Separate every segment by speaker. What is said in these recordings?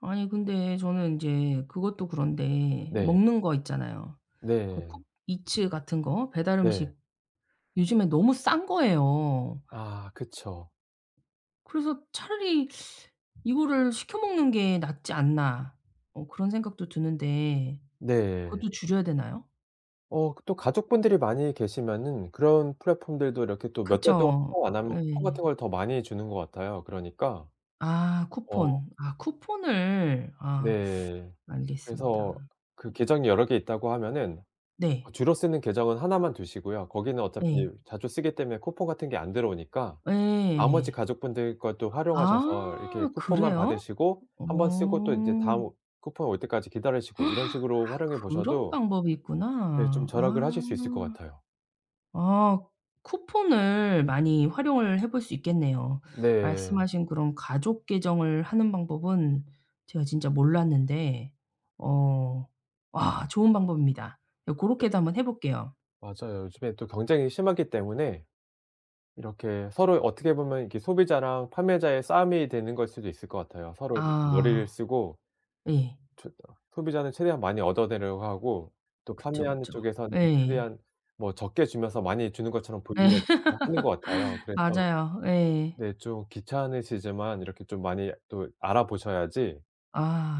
Speaker 1: 아니 근데 저는 인제 그것도 그런데
Speaker 2: 네.
Speaker 1: 먹는 거 있잖아요. 그거
Speaker 2: 네.
Speaker 1: 쿠팡이츠 같은 거 배달
Speaker 2: 네.
Speaker 1: 음식. 요즘에 너무 싼 거예요.
Speaker 2: 아 그쵸.
Speaker 1: 그래서 차라리 '이거를 시켜 먹는 게 낫지 않나.' 어 그런 생각도 드는데
Speaker 2: 네.
Speaker 1: 그것도 줄여야 되나요?
Speaker 2: 어 그 또 가족분들이 많이 계시면은 그런 플랫폼들도 이렇게 또 몇 달 동안
Speaker 1: 그쵸.
Speaker 2: 사용 안 하면 쿠폰
Speaker 1: 예.
Speaker 2: 같은 걸 더 많이 주는 것 같아요. 그러니까
Speaker 1: 아
Speaker 2: 어.
Speaker 1: 쿠폰. 아 쿠폰을. 아
Speaker 2: 네. 그래서
Speaker 1: 알겠습니다.
Speaker 2: 그 계정이 여러 개 있다고 하면은 어
Speaker 1: 네.
Speaker 2: 주로 쓰는 계정은 하나만 두시고요. 거기는 어차피
Speaker 1: 네.
Speaker 2: 자주 쓰기 때문에 쿠폰 같은 게 안 들어오니까 나머지
Speaker 1: 예.
Speaker 2: 가족분들 것도 활용하셔서 이렇게
Speaker 1: 아
Speaker 2: 쿠폰만
Speaker 1: 그래요?
Speaker 2: 받으시고 1 번 쓰고 또 이제
Speaker 1: 어.
Speaker 2: 다음 쿠폰 올 때까지 기다리시고
Speaker 1: 아
Speaker 2: 이런 식으로 활용해
Speaker 1: 그런
Speaker 2: 보셔도
Speaker 1: 방법이
Speaker 2: 네 좀
Speaker 1: 있구나.
Speaker 2: 절약을
Speaker 1: 아.
Speaker 2: 하실 수 있을 것 같아요.
Speaker 1: 아 쿠폰을 많이 활용을 해 볼 수 있겠네요.
Speaker 2: 네.
Speaker 1: 말씀하신 그런 가족 계정을 하는 방법은 제가 진짜 몰랐는데 어 와 좋은 방법입니다. 예 고렇게도 한번 해 볼게요.
Speaker 2: 맞아요. 요즘에 또 경쟁이 심하기 때문에 이렇게 서로 어떻게 보면 이렇게 소비자랑 판매자의 싸움이 되는 걸 수도 있을 것 같아요. 서로 이렇게 머리를
Speaker 1: 아.
Speaker 2: 쓰고
Speaker 1: 예.
Speaker 2: 최대한 소비자는 최대한 많이 얻어내려 하고 또
Speaker 1: 그쵸,
Speaker 2: 판매하는
Speaker 1: 그쵸.
Speaker 2: 쪽에서는
Speaker 1: 예.
Speaker 2: 최대한 뭐 적게 주면서 많이 주는 것처럼
Speaker 1: 예.
Speaker 2: 보이려고 그냥 하는 것 같아요. 그래서
Speaker 1: 맞아요. 예.
Speaker 2: 네 좀 귀찮으시지만 이렇게 좀 많이 또 알아보셔야지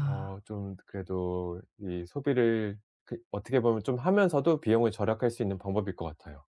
Speaker 2: 어 좀 그래도 이 소비를 그 어떻게 보면 좀 하면서도 비용을 절약할 수 있는 방법일 것 같아요.